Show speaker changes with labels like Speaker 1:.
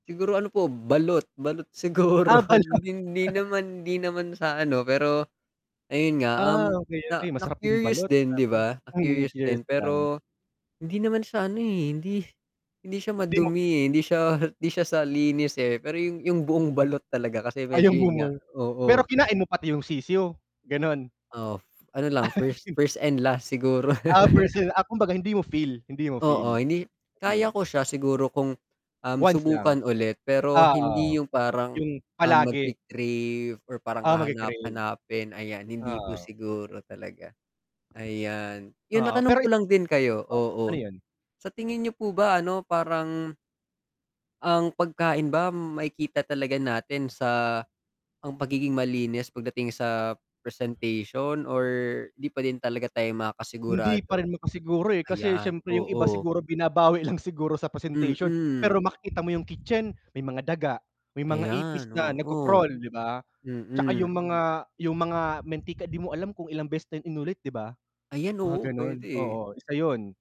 Speaker 1: Siguro ano po balot, balot siguro
Speaker 2: Ah, balot.
Speaker 1: 'di hindi naman hindi naman sa ano pero ayon nga,
Speaker 2: Ah,
Speaker 1: um,
Speaker 2: okey,
Speaker 1: na
Speaker 2: okey masarap 'yong
Speaker 1: na-curious
Speaker 2: balot
Speaker 1: din 'di
Speaker 2: grabe,
Speaker 1: ba,
Speaker 2: mm,
Speaker 1: na-curious din.
Speaker 2: curious lang.
Speaker 1: Pero hindi naman sa ano, eh, hindi hindi siya
Speaker 2: Di mo
Speaker 1: madumi, eh, hindi siya hindi siya sa linis, eh, pero 'yong 'yong buong balot talaga kasi
Speaker 2: Ay
Speaker 1: medyo
Speaker 2: 'yong
Speaker 1: 'yon nga,
Speaker 2: amoy
Speaker 1: oo.
Speaker 2: pero kinain mo pati 'yong sisiw, gano'n.
Speaker 1: Oh, ano lang 1st, 1st and last siguro.
Speaker 2: Ah, 1st sil ah, kumbaga hindi mo feel, hindi mo
Speaker 1: Oo
Speaker 2: feel,
Speaker 1: hindi kaya
Speaker 2: yung
Speaker 1: ko siya siguro kung, um,
Speaker 2: Once lang.
Speaker 1: subukan ulit pero hindi
Speaker 2: Oo.
Speaker 1: 'yong parang,
Speaker 2: 'Yong
Speaker 1: ah,
Speaker 2: palagi.
Speaker 1: magki-crave or parang
Speaker 2: Ah, magki-crave.
Speaker 1: hahanap-hanapin ayan hindi po
Speaker 2: Oo.
Speaker 1: siguro talaga. Ayan, 'yon
Speaker 2: Oo, pero
Speaker 1: matanong ko lang
Speaker 2: sige
Speaker 1: din kayo,
Speaker 2: po. Ano
Speaker 1: oo
Speaker 2: 'yon?
Speaker 1: sa tingin niyo po ba ano parang, ang pagkain ba makikita talaga natin sa ang pagiging malinis pagdating sa presentation or di pa din talaga tayo
Speaker 2: Hindi pa
Speaker 1: makakasigurado?
Speaker 2: rin makasiguro, eh, kasi
Speaker 1: Ayan,
Speaker 2: siyempre 'yong iba
Speaker 1: oo.
Speaker 2: siguro binabawi lang siguro sa presentation.
Speaker 1: Mm.
Speaker 2: Pero makikita mo 'yong kitchen may mga daga, may mga ipis
Speaker 1: Ayan,
Speaker 2: na
Speaker 1: oo,
Speaker 2: nag-ko-crawl, 'di ba? At saka
Speaker 1: mm.
Speaker 2: 'yong mga, 'yong mga mantika 'di mo alam kung ilang beses na inulit 'di ba,
Speaker 1: Ayan,
Speaker 2: mga
Speaker 1: oo, puwede,
Speaker 2: gano'n,
Speaker 1: eh.
Speaker 2: oo, isa 'yon.